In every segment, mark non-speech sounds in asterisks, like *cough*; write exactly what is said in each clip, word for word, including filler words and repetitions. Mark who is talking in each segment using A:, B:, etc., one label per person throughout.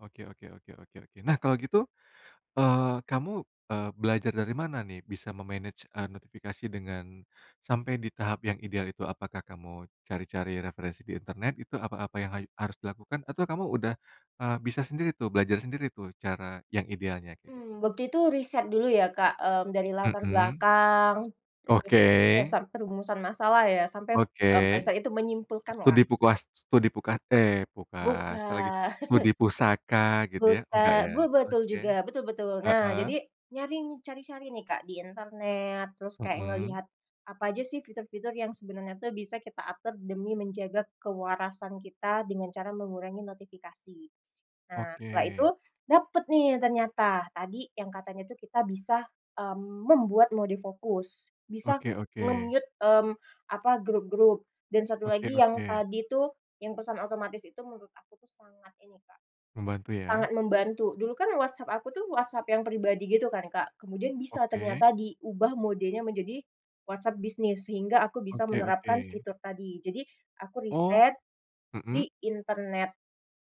A: Oke oke oke oke oke. Nah, kalau gitu, eee, kamu, eee, belajar dari mana nih, bisa me manage, eee, notifikasi dengan, sampai di tahap yang ideal itu? Apakah kamu cari-cari referensi di internet, itu apa apa yang hayu harus dilakukan? Atau kamu udah, eee, bisa sendiri tuh, belajar sendiri tuh cara yang idealnya kayak gitu?
B: Mmm, waktu itu riset dulu ya, Kak, mmm, dari latar
A: Mhm.
B: belakang, terus, *unintelligible*
A: Oke.
B: sam perumusan masalah ya, sampai,
A: Oke.
B: mmm, riset itu
A: studi
B: menyimpulkanlah.
A: pukuas studi puka eh, pukasa lagi,
B: Bukan.
A: studi
B: *laughs*
A: pusaka gitu ya? Enggak
B: Buta
A: ya,
B: be betul
A: oke,
B: juga, betul betul. Nah,
A: heeh.
B: jadi nyari nih, cari-cari nih Kak, di internet, terus kayak
A: Mhm.
B: ngelihat apa aja sih fitur-fitur yang sebenarnya tuh bisa kita atur demi menjaga kewarasan kita, dengan cara mengurangi notifikasi. Nah, setelah itu
A: Oke.
B: dapet nih ternyata, tadi yang katanya tuh kita bisa, mmm, membuat mode fokus, bisa
A: Oke oke.
B: nge-mute, mmm, apa, grup-grup dan satu
A: Oke
B: lagi yang
A: oke.
B: tadi itu, yang pesan otomatis itu menurut aku tuh sangat ini, Kak,
A: Membantu
B: *clicks tongue*
A: ya.
B: sangat membantu. Dulu kan WhatsApp aku tuh WhatsApp yang pribadi gitu kan, Kak, kemudian bisa
A: Oke.
B: ternyata diubah modenya menjadi WhatsApp bisnis, sehingga aku bisa
A: Oke
B: menerapkan
A: oke.
B: fitur tadi. Jadi, aku
A: Oh,
B: riset di
A: mhm.
B: internet,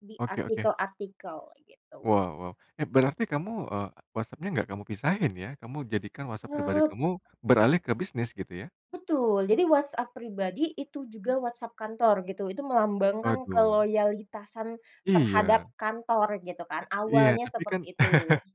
B: di
A: Oke oke.
B: artikel-artikel, gitu.
A: Wow wow, eh, berarti kamu, eee, WhatsApp-nya nggak kamu pisahin ya? Kamu jadikan WhatsApp pribadi
B: Eee
A: kamu, beralih ke bisnis gitu ya?
B: Betul, jadi WhatsApp pribadi, itu juga WhatsApp kantor gitu. Itu melambangkan
A: Waduh.
B: keloyalitasan terhadap
A: Iya.
B: kantor gitu kan,
A: Iya,
B: awalnya
A: tapi kan
B: seperti itu.
A: *laughs*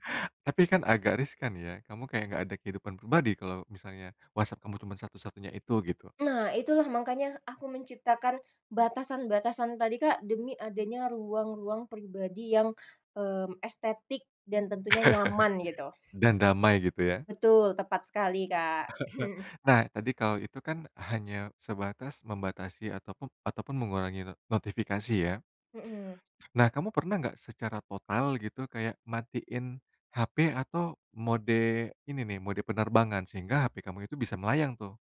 A: tapi kan agak riskan ya, kamu kayak nggak ada kehidupan pribadi, kalau misalnya WhatsApp kamu cuman satu-satunya itu, gitu.
B: Nah itulah, makanya aku menciptakan batasan-batasan tadi, Kak, demi adanya ruang-ruang pribadi yang, mmm, estetik dan tentunya nyaman gitu.
A: *laughs* Dan damai gitu ya.
B: Betul, tepat sekali, Kak.
A: *laughs* Nah, tadi, kalau itu kan hanya sebatas, membatasi ataupum ataupun mengurangi ne notifikasi ya.
B: Mhm.
A: Nah, kamu pernah nggak, secara total gitu, kayak matiin H-P atau mode ini nih, mode penerbangan? Sehingga H-P kamu itu bisa melayang tuh.